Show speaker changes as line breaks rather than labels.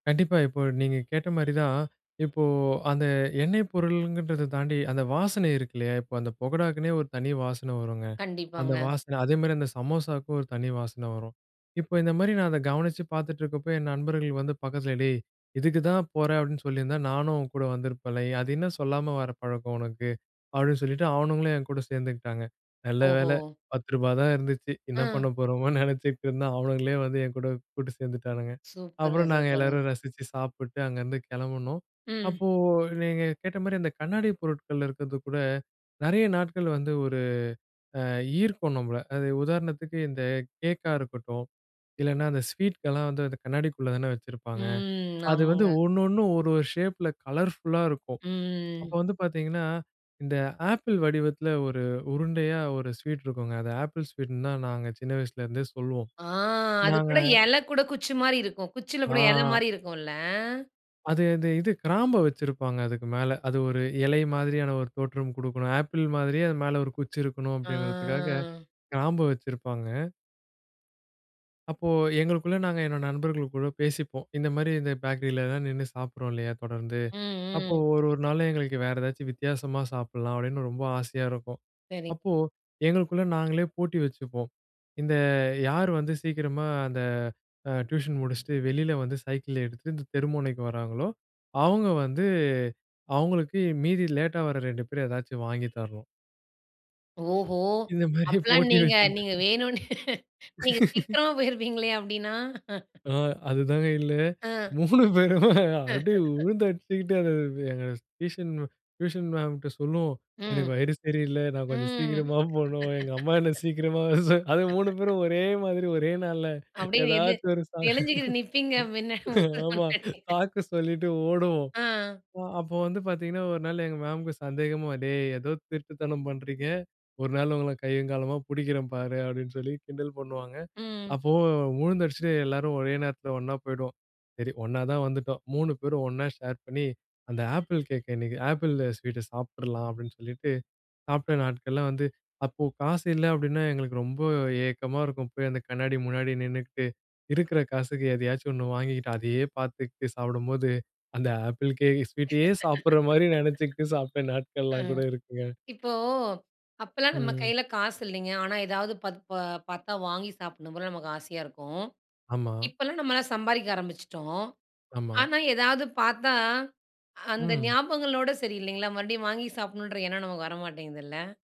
கண்டிப்பா. இப்ப நீங்க கேட்ட மாரி தான், இப்ப அந்த எண்ணெய் பொருள்கறத தாண்டி அந்த வாசனை இருக்கு இல்லயா? இப்ப அந்த பகடாவுக்குன்னே ஒரு தனி வாசன வருங்க. அந்த
கண்டிப்பாங்க.
வாசனை. அதே மாரி அந்த சமோசாவுக்கும் ஒரு தனி வாசனை வரும். இப்ப இந்த மாரி நான் அத கவனிச்சு பார்த்துட்டு இருக்கப்ப, என் நண்பர்கள் வந்து பக்கத்தில "டேய் இதுக்கு தான் போறேன் அப்டின்னு சொல்லியிருந்தா, நானும் உன்கூட வந்திருப்பேன்ல? எ அது என்ன சொல்லாம வர பழக்கம் உனக்கு? அப்டின்னு சொல்லிட்டு அவனுங்களும் என்கூட சேர்ந்துக்கிட்டாங்க. நல்ல வேள
ஓஹோ!
ரூ.10 தான் இருந்துச்சு! என்ன
அ.
பண்ண போறோமோன்னு நெனைச்சிட்டு இருந்தேன், அவனுங்களே வந்து என் கூட கூட்டு சேர்ந்துட்டானுங்க
சூப்பர்ங்க.
அப்புறம் நாங்க
சூப்பர்ங்க.
எல்லாரும் ரசிச்சு சாப்பிட்டு அங்கருந்து கிளம்புனோம்.
ம்.
அப்போ நீங்க கேட்ட மாரி, அந்த கண்ணாடிப் பொருட்கள் இருக்கறது கூட நறைய நாட்கள் வந்து ஒரு, அ ஈர்க்கும் நம்பள, அது உதாரணத்துக்கு இந்த கேக்கா இருக்கட்டும். இல்லனா அந்த ஸ்வீட்கெல்லாம் வந்து அந்த கண்ணாடிக்குள்ள தான வச்சிருப்பாங்க.
ம்.
அது வந்து
ஆமாங்க.
ஒண்ணு ஒண்ணு ஒரு ஒரு ஷேப்பில கலர்ஃபுல்லா இருக்கும். அப்ப
ம்.
வந்து பார்த்தீங்கன்னா, இந்த ஆப்பிள் வடிவத்தில ஒரு உருண்டையா ஒரு ஸ்வீட் இருக்குங்க. அது ஆப்பிள் ஸ்வீட்ன்னு தான் நாங்க சின்ன வயசுல இருந்தே சொல்லுவோம்.
அ. அது
நாங்க
கூட இல கூட குச்சி மாரி இருக்கும். குச்சில கூட இல
அ.
மாரி இருக்கும்ல.
அது அந்த இது கிராம்ப வெச்சுருப்பாங்க அதுக்கு மேல, அது ஒரு இலை மாதிரியான ஒரு தோற்றம் குடுக்கணும். ஆப்பிள் மாதிரியே அது மேல ஒரு குச்சி இருக்கணும் அப்டிங்கிறதுக்காக,
அ.
கிராம்ப வெச்சுருப்பாங்க. அப்போ எங்களுக்குள்ள நாங்க என்னோட நண்பர்கள் கூட பேசிப்போம். இந்த மாரி இந்த பேக்கரிலலாம் நின்னு சாப்பிடுறோம் இல்லயா? தொடர்ந்து.
ம்,
அப்போ
ம்.
ஒரு 1 நாள்ல எங்களுக்கு வேற ஏதாச்சும் வித்தியாசமா சாப்பிடலாம் அப்டின்னு ரொம்ப ஆசையா இருக்கும்.
சரி.
அப்போ எங்களுக்குள்ள நாங்களே போட்டி வச்சுப்போம். இந்த யார் வந்து சீக்கிரமா அந்த அ டியூஷன் முடிச்சுட்டு, வெளில வந்து சைக்கிள் எடுத்துட்டு, இந்த தெரு முனைக்கு வர்றாங்களோ, அவங்க வந்து அவங்களுக்கு மீதி லேட்டா வர்ற 2 பேர் ஏதாச்சும் வாங்கி தரணும்!
ஓஹோ!
இந்த மாரி
அப்பல்லாம்
போட்டி
நீங்க,
வச்
நீங்க
[unintelligible]
வேணும்னு நீங்க சீக்கிரம் போயிருப்பீங்களே அப்டின்னா?
அ. அதுதாங்க இல்ல.
அ.
3 பேரு அப்டியே வுழுந்து அடிச்சுக்கிட்டு, அது எங்க டியூஷன் டியூஷன் மேம்ட்ட சொல்லுவோம். எனக்கு
ம்.
வயிறு சரியில்ல நான் கொஞ்சம்
ம்.
சீக்கிரமா போணும், எங்க அம்மா என்ன சீக்கிரமா வரச அது 3 பேரும் ஒரே மாதிரி, ஒரே நாள்ல.
அப்டியே நெளு
ஏதாச்சும் ஒரு சா
நெளிஞ்சுகிட்டு நிப்பீங்க. மின்ன மிஸ்
ஆமா,
முன்னாடி.
சாக்கு சொல்லிட்டு ஓடுவோம்.
அ.
ப அப்ப வந்து பார்த்தீங்கன்னா, 1 நாள் எங்க மேம்க்கு சந்தேகமா, டேய்! ஏதோ திருட்டுத்தனம் பண்றீங்க. 1 நாள் உங்கள கையும் களவுமா புடிக்கிறேன் பாரு! அப்டின்னு சொல்லி கிண்டல் பண்ணுவாங்க.
ம்.
அப்போ வுழுந்து அடிச்சுட்டு எல்லாரும் ஒரே நேரத்தில ஒண்ணா போய்டுவோம். சரி ஒண்ணா தான் வந்துட்டோம். 3 பேரும் ஒண்ணா ஷேர் பண்ணி, அந்த ஆப்பிள் கேக் இன்னைக்கு. ஆப்பிள் ஸ்வீட்ட சாப்பிட்ர்லாம் அப்டின்னு சொல்லிட்டு, சாப்பிட்ட நாட்கள்லாம் வந்து அப்ப காசு இல்ல அப்டின்னா எங்களுக்கு ரொம்ப ஏக்கமா இருக்கும். போய் அந்த கண்ணாடி முன்னாடி நின்னுகிட்டு, இருக்குற காசுக்கு எதையாச்சும் ஒண்ணு வாங்கிக்கிட்டு அதயே பார்த்துக்கிட்டு சாப்பிடும்போது, அந்த ஆப்பிள் கேக் ஸ்வீட்டயே சாப்பிடுற மாரி நெனைச்சுக்கிட்டு சாப்பிட்ட
அ
நாட்கள்லாம் கூட இருக்குங்க!
இப்போ அப்பலாம் நம்ம
ம்.
கையில காசு இல்லங்க. ஆனா ஏதாவது ப ப பார்த்தா வாங்கி சாப்பிடணும் போல நமக்கு ஆசையா இருக்கும்.
ஆமா.
இப்பலாம் நம்மலாம் சம்பாரிக்க ஆரம்பிச்சுட்டோம்.
ஆமா.
ஆனா ஏதாவது பார்த்தா, அந்த
ம்.
ஞாபகங்களோட சரி, இல்லங்களா? மறுபடியும் வாங்கி சாப்பிடணுன்ற எண்ணம் நமக்கு வர மாட்டேங்குதுல்ல?